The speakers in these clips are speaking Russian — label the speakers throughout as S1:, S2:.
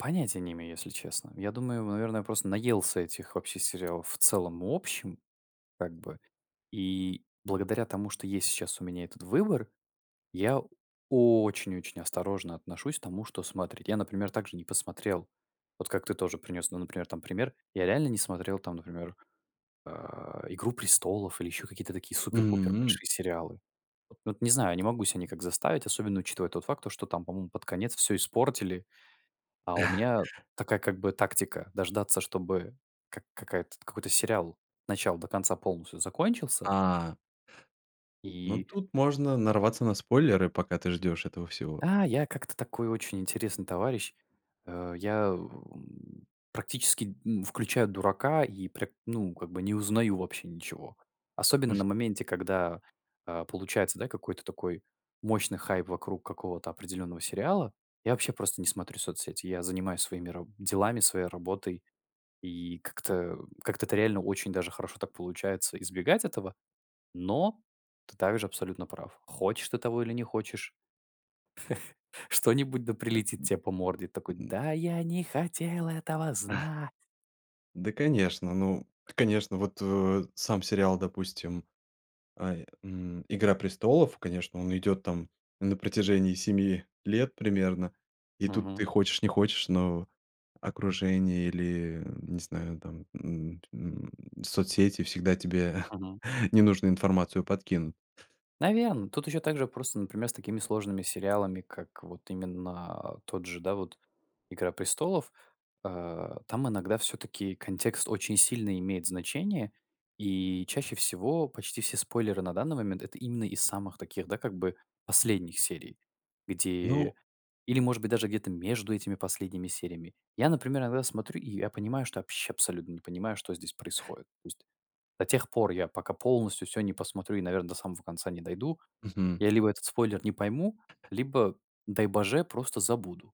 S1: Понятия не имею, если честно. Я думаю, ему, наверное, просто наелся этих вообще сериалов в целом и общем, как бы. И благодаря тому, что есть щас у меня этот выбор, я очень, очень осторожно отношусь к тому, что смотреть. Я, например, также не посмотрел, вот как ты тоже принес, ну, например, там пример. Я реально не смотрел там, например, а, "Игру престолов" или ещё какие-то такие супер-пупер
S2: Мгм.
S1: большие сериалы. Вот, ну, не знаю, я не могу ся никак заставить, особенно учитывая тот факт, что там, по-моему, под конец всё испортили. А у меня такая, как бы, тактика- дождаться, чтобы как какая-то какой-то сериал с начала до конца полностью закончился
S2: А ну,
S1: И
S2: тут можно нарваться на спойлеры, пока ты ждешь этого всего.
S1: А, я как-то такой очень интересный товарищ, э. Я, у, практически, м, включаю дурака и пря ну, как бы, не узнаю вообще ничего. Особенно на моменте, когда, а, получается, да, какой-то такой мощный хайп вокруг какого-то определенного сериала. Я вообще просто не смотрю соцсети. Я занимаюсь своими раб делами, своей работой. И как-то, как-то- это реально очень даже хорошо так получается избегать этого. Но ты также абсолютно прав: хочешь ты того или не хочешь, что-нибудь да
S2: Э.
S1: прилетит те по морде. Такой:
S2: М. Мгм.
S1: "Да я не хотел этого знать".
S2: Да, конечно, ну, конечно, вот в, э, сам сериал, допустим, ай, м, "Игра престолов", конечно, он идёт там на протяжении 7 лет примерно, и тут ты
S1: Мгм.
S2: хочешь не хочешь, но окружение или, не знаю, там, м, м, соцсети всегда тебе
S1: Мгм.
S2: ненужную информацию подкинут.
S1: Наверно, тут ещё также просто, например, с такими сложными сериалами, как, вот именно, а, тот же, да, вот "Игра престолов", а, там иногда всё-таки контекст очень сильно имеет значение. И чаще всего почти все спойлеры на данный момент- это именно из самых таких, да, как бы последних серий,
S2: Ну.
S1: где или, может быть, даже где-то между этими последними сериями. Я, например, иногда смотрю, и я понимаю, что вообще абсолютно не понимаю, что здесь происходит. То есть до тех пор, я пока полностью всё не посмотрю и, наверное, до самого конца не дойду,
S2: Мгм.
S1: я либо этот спойлер не пойму, либо, дай боже, просто забуду.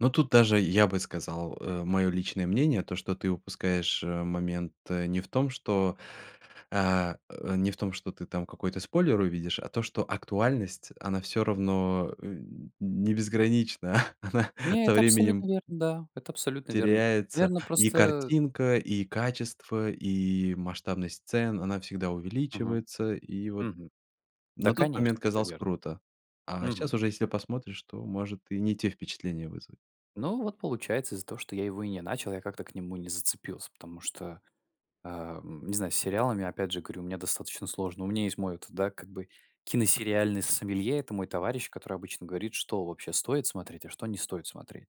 S2: Ну, тут даже я бы сказал, э, моё личное мнение, то, что ты упускаешь, э, момент не в том, что, а, э, не в том ты там какой-то спойлер увидишь, а то, что актуальность, она всё равно, э, не безгранична, она
S1: Не,
S2: со
S1: это абсолютно
S2: временем
S1: верно, да, это абсолютно верно.
S2: теряется
S1: Наверно,
S2: и
S1: просто
S2: картинка, и качество, и масштабность сцен, она всегда
S1: Мгм,
S2: увеличивается. И вот
S1: мгм. Да,
S2: на тот
S1: конечно,
S2: момент
S1: это
S2: казалось
S1: верно,
S2: круто, а щас
S1: мгм.
S2: уже, если посмотришь, то может и не те впечатления вызвать.
S1: Ну, вот получается, из-за того, что я его и не начал, я как-то к нему не зацепился, потому что, а, м, не знаю, с сериалами, опять же, говорю, мне достаточно сложно. У меня есть мой, вот, да, как бы, киносериальный сомелье, это мой товарищ, который обычно говорит, что вообще стоит смотреть, а что не стоит смотреть.